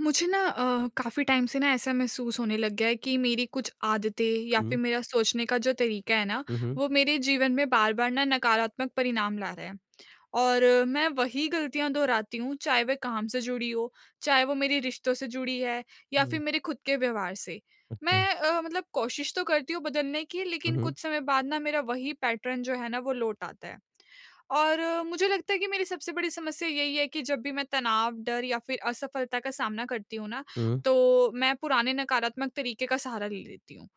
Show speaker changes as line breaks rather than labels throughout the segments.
मुझे ना अ, काफ़ी टाइम से ना, ऐसा महसूस होने लग गया है कि मेरी कुछ आदतें या
हुँ।
फिर मेरा सोचने का जो तरीका है ना,
हुँ, हुँ।
वो मेरे जीवन में बार-बार ना नकारात्मक परिणाम ला रहा है। और मैं वही गलतियाँ दोहराती हूँ, चाहे वे काम से जुड़ी हों, चाहे वो मेरी रिश्तों से जुड़ी है, या
हुँ।
फिर मेरे खुद के व्यवहार से।
अच्छा।
मैं अ, मतलब कोशिश तो करती हूँ बदलने की,
हुँ,
लेकिन
हुँ।
कुछ समय बाद ना, मेरा वहीं पैटर्न जो है ना, वो लौट आता है। और मुझे लगता है कि मेरी सबसे बड़ी समस्या यही है कि जब भी मैं तनाव, डर या फिर असफलता का सामना करती हूँ ना,
हुँ।
तो मैं पुराने नकारात्मक तरीके का सहारा ले लेती हूँ।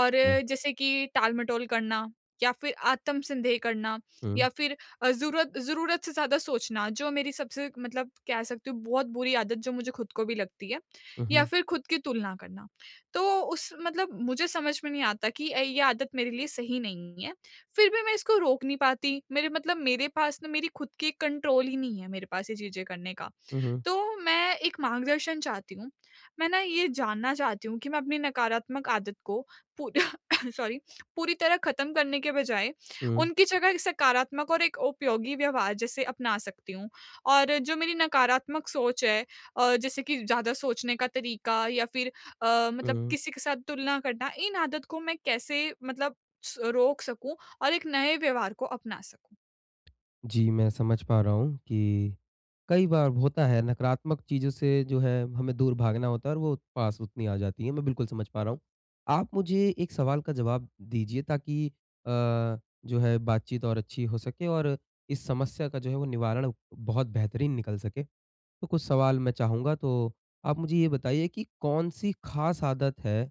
और जैसे कि टाल-मटोल करना या फिर आत्मसन्देह करना या
हुँ।
फिर अ, ज़ूरत ज़रूरत से ज़्यादा सोचना, जो मेरी सबसे मतलब कह सकती हूँ, बहुत बुरी आदत जो मुझे खुद को भी लगती है,
हुँ,
या
हुँ।
फिर खुद की तुलना करना। तो उस मतलब मुझे समझ में नहीं आता कि अ, ये आदत मेरे लिए सही नहीं है। फिर भी मैं इसको रोक नहीं पाती। मेरे मतलब मेरे पास ना, मेरी खुद की एक कंट्रोल ही नहीं है मेरे पास, ये चीज़ें करने का।
हुँ, हुँ।
तो मैं एक मार्गदर्शन चाहती हूँ, मैं ना, ये जानना चाहती हूँ कि मैं अपनी नकारात्मक आदत को पू सॉरी, पूरी तरह ख़त्म करने के बजाय
हुँ।
उनकी जगह एक सकारात्मक और एक उपयोगी व्यवहार जैसे अपना सकती हूँ। और जो मेरी नकारात्मक सोच है अ, जैसे कि ज़्यादा सोचने का तरीका या फिर अ, मतलब
हुँ।
किसी के साथ तुलना करना, इन आदत को मैं कैसे मतलब स रोक सकूँ और एक नए व्यवहार को अपना सकूँ?
जी, मैं समझ पा रहा हूँ कि, कई बार होता है नकारात्मक चीज़ों से जो है हमें दूर भागना होता है और वो पास उतनी आ जाती हैं, मैं बिल्कुल समझ पा रहा हूँ। आप मुझे एक सवाल का जवाब दीजिए ताकि अ, जो है बातचीत और अच्छी हो सके और इस समस्या का जो है वो निवारण बहुत बेहतरीन निकल सके। तो कुछ सवाल मैं चाहूँगा तो आप मुझे ये बताइए कि कौन-सी ख़ास आदत है।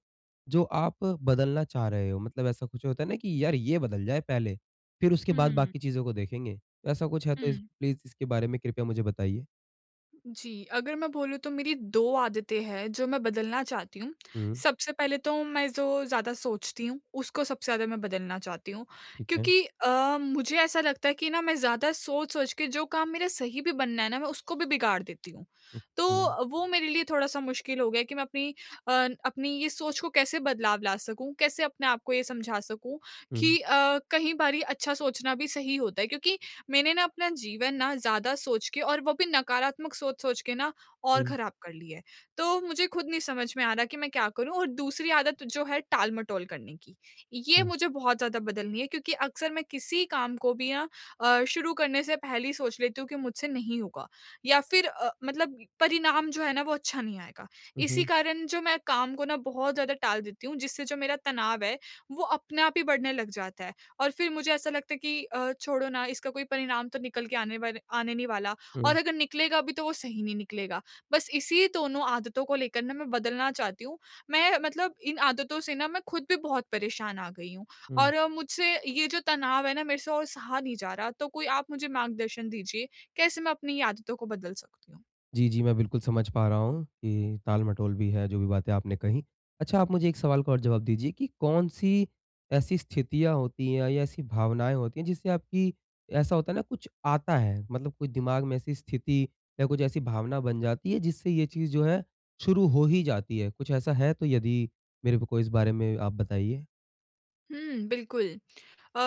जो आप बदलना चाह रहे हो? मतलब ऐसा कुछ होता है ना कि यार ये बदल जाए पहले, फिर उसके बाद
हुँ।
बाकी चीज़ों को देखेंगे। ऐसा कुछ है तो
हुँ।
प्लीज़ इसके बारे में कृपया मुझे बताइए?
जी, अगर मैं बोलूँ तो मेरी 2 आदतें हैं जो मैं बदलना चाहती हूँ।
हुँ।
सबसे पहले तो मैं जो ज़्यादा सोचती हूँ। उसको सबसे ज़्यादा मैं बदलना चाहती हूँ
ठीक है।
क्योंकि अ, मुझे ऐसा लगता है कि ना मैं ज़्यादा सोच-सोच के जो काम मेरा सही भी बनना है ना मैं उसको भी बिगाड़ देती हूँ।
हुँ,
तो
हुँ।
वो मेरे लिए थोड़ा-सा मुश्किल हो गया है कि मैं अपनी अ, अपनी ये सोच को कैसे बदलाव ला सकूँ? कैसे अपने आपको ये समझा सकूँ
हुँ।
कि अ, कई बारी अच्छा सोचना भी सही होता है। क्योंकि मैंने ना अपना जीवन ना ज़्यादा सोच के और वो भी नकारात्मक सोच-सोच के ना और
हुँ।
ख़राब कर ली है। तो मुझे ख़ुद नहीं समझ में आ रहा कि मैं क्या करूँ? और दूसरी आदत जो है टाल-मटोल करने की। ये
हुँ।
मुझे बहुत ज़्यादा बदलनी है क्योंकि अक्सर मैं किसी काम को भी ना अ, शुरू करने से पहले ही सोच लेती हूँ कि मुझसे नहीं होगा। या फिर अ, मतलब परिणाम जो है ना वो अच्छा नहीं आएगा।
हुँ,
इसी
हुँ।
कारण जो मैं काम को ना बहुत ज़्यादा टाल देती हूँ जिससे जो मेरा तनाव है वो अपने आप ही बढ़ने लग जाता है और फिर मुझे ऐसा लगता है कि अ, छोड़ो ना इसका कोई परिणाम तो निकल के आने वाले आने नहीं वाला
हुँ।
और अगर निकलेगा भी तो वो सही नहीं निकलेगा। बस इसी दोनों आदतों को लेकर ना मैं बदलना चाहती हूँ। मैं मतलब इन आदतों से ना मैं ख़ुद भी बहुत परेशान आ गई हूँ,
हुँ।
और मुझसे ये जो तनाव है ना मेरे से और सहा नहीं जा रहा। तो कोई आप मुझे मार्गदर्शन दीजिए, कैसे मैं अपनी आदतों को बदल सकती हूँ?
जी, जी। मैं बिल्कुल समझ पा रहा हूँ कि ताल-मटोल भी है जो भी बातें आपने कही। अच्छा आप मुझे एक सवाल का और जवाब दीजिए कि कौन-सी ऐसी स्थितियाँ होती है या ऐसी भावनाएँ होती है जिससे आपकी ऐसा होता है ना कुछ आता है? मतलब कुछ दिमाग़ में ऐसी स्थिति या कुछ ऐसी भावना बन जाती है जिससे ये चीज़ जो है शुरू हो ही जाती है। कुछ ऐसा है तो यदि मेरे को इस बारे में आप बताइए?
हुँ, बिल्कुल। अ,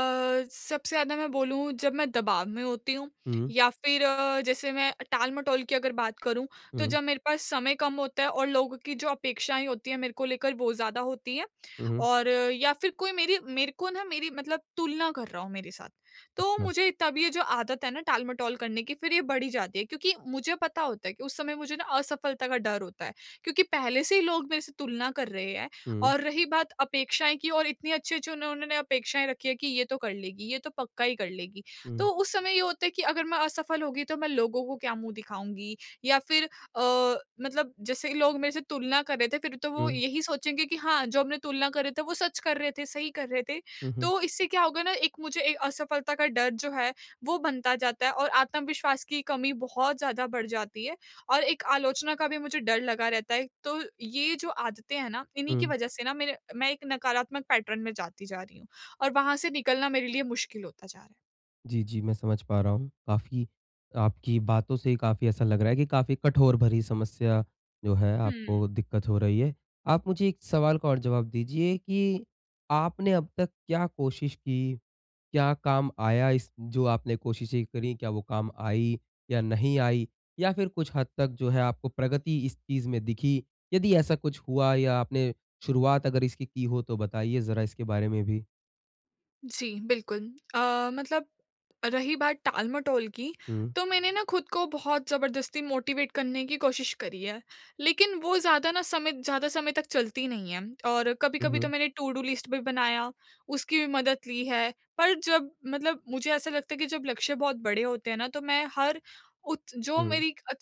सबसे ज़्यादा मैं बोलूँ जब मैं दबाव में होती हूँ
हुँ।
या फिर अ, जैसे मैं टाल-मटोल की अगर बात करूँ तो
हुँ।
जब मेरे पास समय कम होता है और लोगों की जो अपेक्षाएँ होती हैं मेरे को लेकर वो ज़्यादा होती है।
हुँ, हुँ।
और या फिर कोई मेरी मेरे को ना मेरी मतलब तुलना कर रहा हो मेरे साथ। तो
अच्छा।
मुझे तब ये जो आदत है ना टाल-मटोल करने की फिर ये बढ़ ही जाती है क्योंकि मुझे पता होता है कि उस समय मुझे ना असफलता का डर होता है। क्योंकि पहले से ही लोग मेरे से तुलना कर रहे हैं
हुँ।
और रही बात अपेक्षाएँ की और इतनी अच्छी-अच्छी उन्होंने अपेक्षाएँ रखी है कि ये तो कर लेगी, ये तो पक्का ही कर लेगी।
हुँ।
तो उस समय ये होता है कि अगर मैं असफल हो गई तो मैं लोगों को क्या मुँह दिखाऊँगी? या फिर अ, मतलब जैसे ही लोग मेरे से तुलना कर रहे थे फिर तो वो
हुँ।
यही सोचेंगे कि हाँ, जो हमने तुलना कर रहे थे वो सच कर रहे थे, सही कर रहे थे।
हुँ, हुँ।
तो इससे क्या होगा ना एक मुझे अ, असफलता का डर जो है वो बनता जाता है और आत्मविश्वास की कमी बहुत ज़्यादा बढ़ जाती है और एक आलोचना का भी मुझे डर लगा रहता है। तो ये जो आदतें हैं ना इन्हीं की
हुँ।
वजह से ना मेरे मैं एक नकारात्मक पैटर्न में जाती जा रही हूँ और वहाँ से निकलना मेरे लिए मुश्किल होता जा रहा है।
जी, जी। मैं समझ पा रहा हूँ काफ़ी आपकी बातों से काफ़ी ऐसा लग रहा है कि काफ़ी कठोर भरी समस्या जो है
हुँ।
आपको दिक्कत हो रही है। आप मुझे एक सवाल का और जवाब दीजिए कि आपने अब तक क्या कोशिश की? क्या काम आया इस जो आपने कोशिश करी क्या वो काम आई या नहीं आई? या फिर कुछ हद तक जो है आपको प्रगति इस चीज़ में दिखी? यदि ऐसा कुछ हुआ या आपने शुरुआत अगर इसकी की हो तो बताइए ज़रा इसके बारे में भी?
जी, बिल्कुल अ, मतलब रही बात टाल-मटोल की
हुँ।
तो मैंने ना खुद को बहुत ज़बरदस्ती मोटिवेट करने की कोशिश करी है। लेकिन वो ज़्यादा ना समय ज़्यादा समय तक चलती नहीं है। और
हुँ,
कभी-कभी तो
हुँ।
मैंने टूडू लिस्ट भी बनाया, उसकी भी मदद ली है। पर जब मतलब मुझे ऐसा लगता है कि जब लक्ष्य बहुत बड़े होते हैं ना तो मैं हर उत जो
हुँ।
मेरी अ,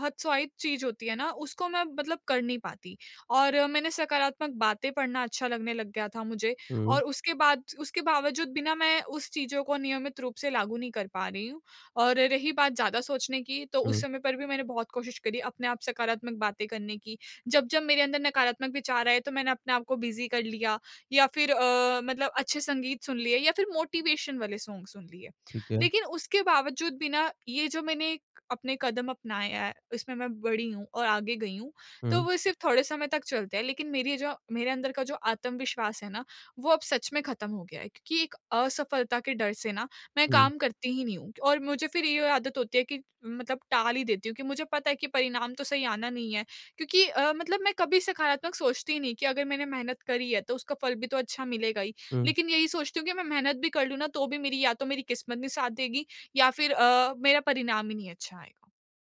हतोत्साहित चीज़ होती है ना उसको मैं मतलब कर नहीं पाती। और मैंने सकारात्मक बातें पढ़ना अच्छा लगने लग गया था मुझे
हुँ।
और उसके बाद उसके बावजूद बिना मैं उस चीज़ों को नियमित रूप से लागू नहीं कर पा रही हूँ। और रही बात ज़्यादा सोचने की तो उस
हुँ।
समय पर भी मैंने बहुत कोशिश करी अपने आप सकारात्मक बातें करने की। जब-जब मेरे अंदर नकारात्मक विचार आए तो मैंने अपने आपको बिज़ी कर लिया या फिर अ, मतलब अच्छे संगीत सुन लिए या फिर मोटिवेशन वाले सॉन्ग सुन लिए।
ठीक है।
लेकिन उसके बावजूद भी ना ये जो मैंने अपने कदम अपनाया है उसमें मैं बढ़ी हूँ और आगे गई हूँ। तो
हुँ।
वो सिर्फ़ थोड़े समय तक चलते हैं लेकिन मेरी जो मेरे अंदर का जो आत्मविश्वास है ना वो अब सच में खत्म हो गया है क्योंकि एक असफलता के डर से ना मैं
हुँ।
काम करती ही नहीं हूँ। और मुझे फिर ये आदत होती है कि मतलब टाल ही देती हूँ कि मुझे पता है कि परिणाम तो सही आना नहीं है। क्योंकि अ, मतलब मैं कभी सकारात्मक सोचती ही नहीं कि अगर मैंने मेहनत करी है तो उसका फल भी तो अच्छा मिलेगा ही।
हुँ।
लेकिन यही सोचती हूँ कि मैं मेहनत भी कर लूँ ना तो भी मेरी या तो मेरी किस्मत नहीं साथ देगी, या फिर अ, मेरा परिणाम ही नहीं अच्छा आएगा।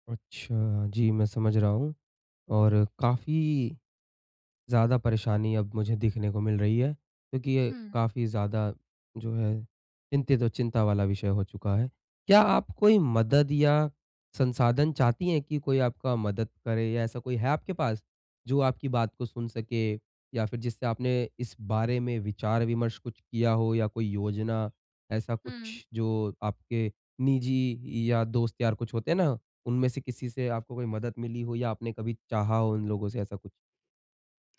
अच्छा, जी मैं समझ रहा हूँ। और काफ़ी, ज़्यादा परेशानी अब मुझे दिखने को मिल रही है। क्योंकि ये
हुँ।
काफ़ी ज़्यादा जो है चिंतित और चिंता वाला विषय हो चुका है। क्या आप कोई मदद या संसाधन चाहती हैं कि कोई आपका मदद करे या ऐसा कोई है आपके पास? जो आपकी बात को सुन सके या फिर जिससे आपने इस बारे में विचार-विमर्श कुछ किया हो या कोई योजना ऐसा
हुँ।
कुछ जो आपके निजी या दोस्त यार कुछ होते हैं ना उनमें से किसी से आपको कोई मदद मिली हो या आपने कभी चाहा हो उन लोगों से ऐसा कुछ?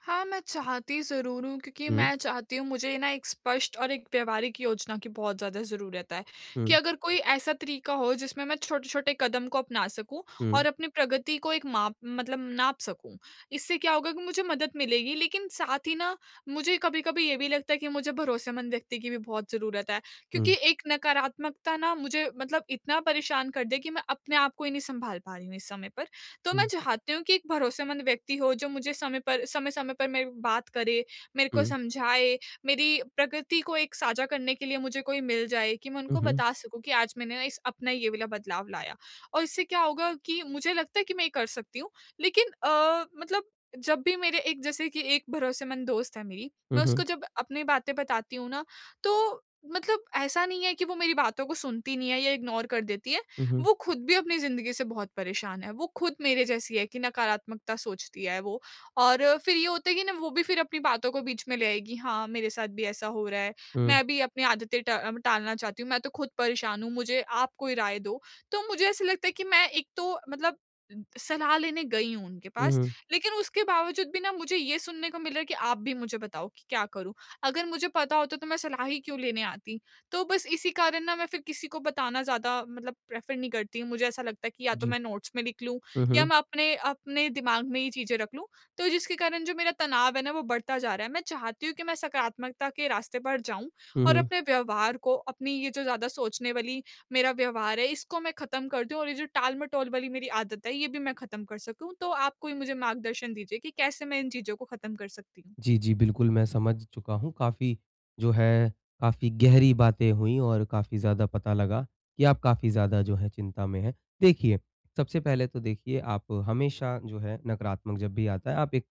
हाँ, मैं चाहती ज़रूर हूँ क्योंकि
हुँ।
मैं चाहती हूँ, मुझे ना एक स्पष्ट और एक व्यावहारिक योजना की बहुत ज़्यादा जरूरत है। कि
हुँ।
अगर कोई ऐसा तरीका हो जिसमें मैं छोटे-छोटे कदम को अपना सकूँ
हुँ।
और अपनी प्रगति को एक माप मतलब नाप सकूँ। इससे क्या होगा कि मुझे मदद मिलेगी लेकिन साथ ही ना मुझे कभी-कभी ये भी लगता है कि मुझे भरोसेमंद व्यक्ति की भी बहुत ज़रूरत है। क्योंकि
हुँ।
एक नकारात्मकता ना मुझे मतलब इतना परेशान कर दे कि मैं अपने आप को ही नहीं सँभाल पा रही हूँ इस समय पर। तो मैं
हुँ।
चाहती हूँ कि एक भरोसेमंद व्यक्ति हो जो मुझे समय पर समय-समय पर मेरी बात करे, मेरे
हुँ,
को
हुँ।
समझाए, मेरी प्रकृति को एक साझा करने के लिए मुझे कोई मिल जाए कि मैं
हुँ,
उनको
हुँ।
बता सकूँ कि आज मैंने इस अपना ये वाला बदलाव लाया। और इससे क्या होगा कि मुझे लगता है कि मैं ये कर सकती हूँ। लेकिन अ, मतलब जब भी मेरे एक जैसे कि एक भरोसेमंद दोस्त है मेरी,
हुँ,
मैं उसको
हुँ।
जब अपनी बातें बताती हूँ ना तो मतलब ऐसा नहीं है कि वो मेरी बातों को सुनती नहीं है या इग्नोर कर देती है।
हुँ, हुँ।
वो खुद भी अपनी ज़िंदगी से बहुत परेशान है, वो खुद मेरे जैसी है कि नकारात्मकता सोचती है वो। और फिर ये होता है कि ना वो भी फिर अपनी बातों को बीच में ले आएगी, हाँ, मेरे साथ भी ऐसा हो रहा है।
हुँ।
मैं भी अपनी आदतें टा टालना चाहती हूँ। मैं तो खुद परेशान हूँ, मुझे आप कोई राय दो। तो मुझे ऐसा लगता है कि मैं एक तो मतलब सलाह लेने गई हूँ उनके
हुँ,
पास
हुँ।
लेकिन उसके बावजूद भी ना मुझे ये सुनने को मिल रहा है कि आप भी मुझे बताओ कि क्या करूँ? अगर मुझे पता होता तो मैं सलाह ही क्यों लेने आती? तो बस इसी कारण ना मैं फिर किसी को बताना ज़्यादा मतलब प्रेफर नहीं करती हूँ। मुझे ऐसा लगता है कि या तो
जी।
मैं नोट्स में लिख लूँ
हुँ,
या
हुँ।
मैं अपने अपने दिमाग में ही चीज़ें रख लूँ। तो जिसके कारण जो मेरा तनाव है ना वो बढ़ता जा रहा है। मैं चाहती हूँ कि मैं सकारात्मकता के रास्ते पर जाऊँ
हुँ,
और
हुँ।
अपने व्यवहार को अपनी ये जो ज़्यादा सोचने वाली मेरा व्यवहार है इसको मैं ख़त्म कर दूँ और ये जो टालमटोल वाली मेरी आदत है ये भी मैं ख़त्म कर सकूँ। तो आप कोई मुझे मार्गदर्शन दीजिए कि कैसे मैं इन चीज़ों को ख़त्म कर सकती हूँ?
जी, जी, बिल्कुल मैं समझ चुका हूँ। काफ़ी जो है काफ़ी गहरी बातें हुईं और काफ़ी ज़्यादा पता लगा कि आप काफ़ी ज़्यादा जो है चिंता में हैं। देखिए, सबसे पहले तो देखिए आप हमेशा जो है नकारात्मक जब भी आता है आप एक,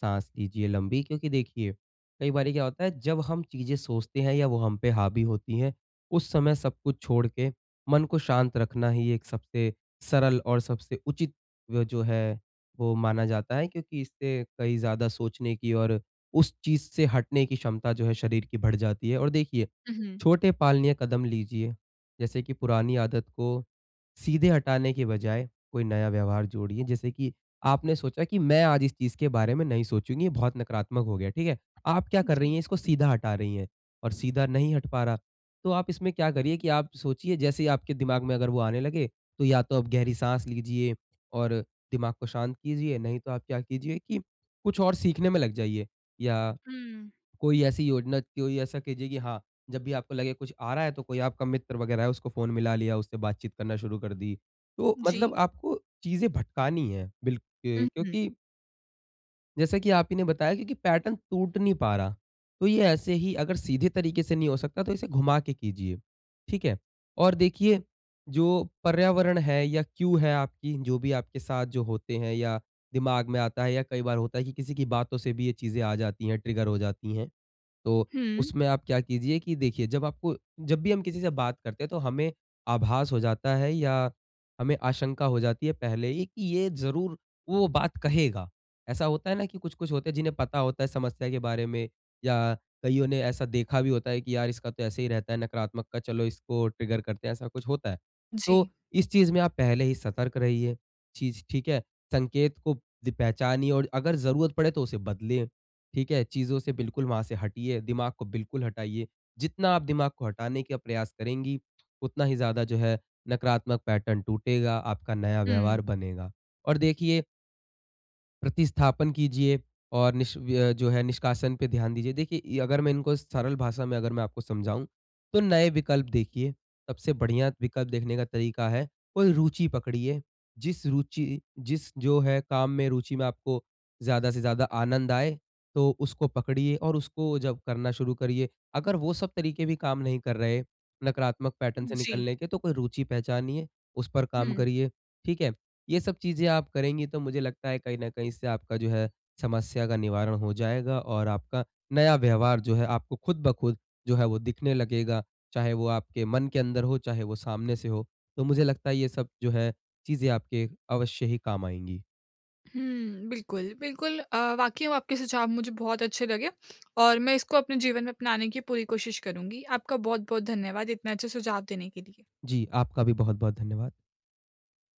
साँस लीजिए लम्बी क्योंकि देखिए कई बारी क्या होता है जब हम चीज़ें सोचते हैं या वो हम पे हावी होती है, उस समय सब कुछ छोड़ के मन को शांत रखना ही एक सबसे सरल और सबसे उचित वो जो है वो माना जाता है क्योंकि इससे कई ज़्यादा सोचने की और उस चीज़ से हटने की क्षमता जो है शरीर की बढ़ जाती है। और देखिए
हुँ, हुँ।
छोटे पालनीय कदम लीजिए। जैसे कि पुरानी आदत को सीधे हटाने के बजाए कोई नया व्यवहार जोड़िए जैसे कि आपने सोचा कि मैं आज इस चीज़ के बारे में नहीं सोचूँगी ये बहुत नकारात्मक हो गया, ठीक है? आप क्या
उ,
कर रही
जी।
हैं इसको सीधा हटा रही हैं, और सीधा नहीं हट पा रहा। तो आप इसमें क्या करिए कि आप सोचिए जैसे ही आपके दिमाग में अगर वो आने लगे तो या तो आप गहरी साँस लीजिए और दिमाग को शांत कीजिए नहीं तो आप क्या कीजिए कि कुछ और सीखने में लग जाइए या
हुँ।
कोई ऐसी योजना कोई ऐसा कीजिए कि हाँ, जब भी आपको लगे कुछ आ रहा है तो कोई आपका मित्र वगैरह है उसको फ़ोन मिला लिया उससे बातचीत करना शुरू कर दी। तो
जी।
मतलब आपको चीज़ें भटकानी है बिल्क
हुँ, हुँ।
क्योंकि जैसा कि आप ही ने बताया कि कि, पैटर्न टूट नहीं पा रहा। तो ये ऐसे ही अगर सीधे तरीके से नहीं हो सकता, तो इसे घुमा के कीजिए। ठीक है? और देखिए, जो पर्यावरण है या क्यू है आपकी, जो भी आपके साथ जो होते हैं, या दिमाग में आता है, या कई बार होता है कि किसी की बातों से भी ये चीज़ें आ जाती हैं, ट्रिगर हो जाती है। तो
हुँ।
उसमें आप क्या कीजिए कि देखिए, जब आपको जब भी हम किसी से बात करते हैं, तो हमें आभास हो जाता है, या हमें आशंका हो जाती है पहले ही कि, "ये ज़रूर वो बात कहेगा।" ऐसा होता है ना कि कुछ-कुछ होते हैं, जिन्हें पता होता है समस्या के बारे में, या कईयों ने ऐसा देखा भी होता है कि यार! इसका तो ऐसे ही रहता है नकारात्मकता। चलो, इसको ट्रिगर करते हैं। ऐसा कुछ होता है। तो
जी।
इस चीज़ में आप पहले ही सतर्क रहिए। चीज़ ठीक है? संकेत को ज़ पहचानिए और अगर ज़रूरत पड़े, तो उसे बदलें। ठीक है? चीज़ों से बिल्कुल वहाँ से हटिए, दिमाग को बिल्कुल हटाइए। जितना आप दिमाग को हटाने के प्रयास करेंगी, उतना ही ज़्यादा जो है, नकारात्मक पैटर्न टूटेगा, आपका नया व्यवहार
हुँ।
बनेगा। और देखिए, प्रतिस्थापन कीजिए और निष व्य जो है, निष्कासन पे ध्यान दीजिए। देखिए, अगर मैं इनको सरल भाषा में अगर मैं आपको समझाऊँ, तो नए विकल्प देखिए। सबसे बढ़िया विकल्प देखने का तरीका है, कोई रुचि पकड़िए, जिस रुचि जिस जो है, काम में, रुचि में आपको ज़्यादा से ज़्यादा आनंद आए, तो उसको पकड़िए और उसको जब करना शुरू करिए। अगर वो सब तरीके भी काम नहीं कर रहे, नकारात्मक पैटर्न से
जी।
निकलने के, तो कोई रुचि पहचानिए, उस पर काम
हुँ।
करिए। ठीक है? ये सब चीज़ें आप करेंगी, तो मुझे लगता है, कहीं न कहीं इससे आपका जो है, समस्या का निवारण हो जाएगा और आपका नया व्यवहार जो है, आपको खुद ब खुद जो है, वो दिखने लगेगा। चाहे वो आपके मन के अंदर हो, चाहे वो सामने से हो। तो मुझे लगता है, ये सब जो है, चीज़ें आपके अवश्य ही काम आएँगी।
हुँ। बिल्कुल, बिल्कुल अ, वाक़ई में आपके सुझाव मुझे बहुत अच्छे लगे और मैं इसको अपने जीवन में अपनाने की पूरी कोशिश करुँगी। आपका बहुत-बहुत धन्यवाद इतने अच्छे सुझाव देने के लिए।
जी, आपका भी बहुत-बहुत धन्यवाद।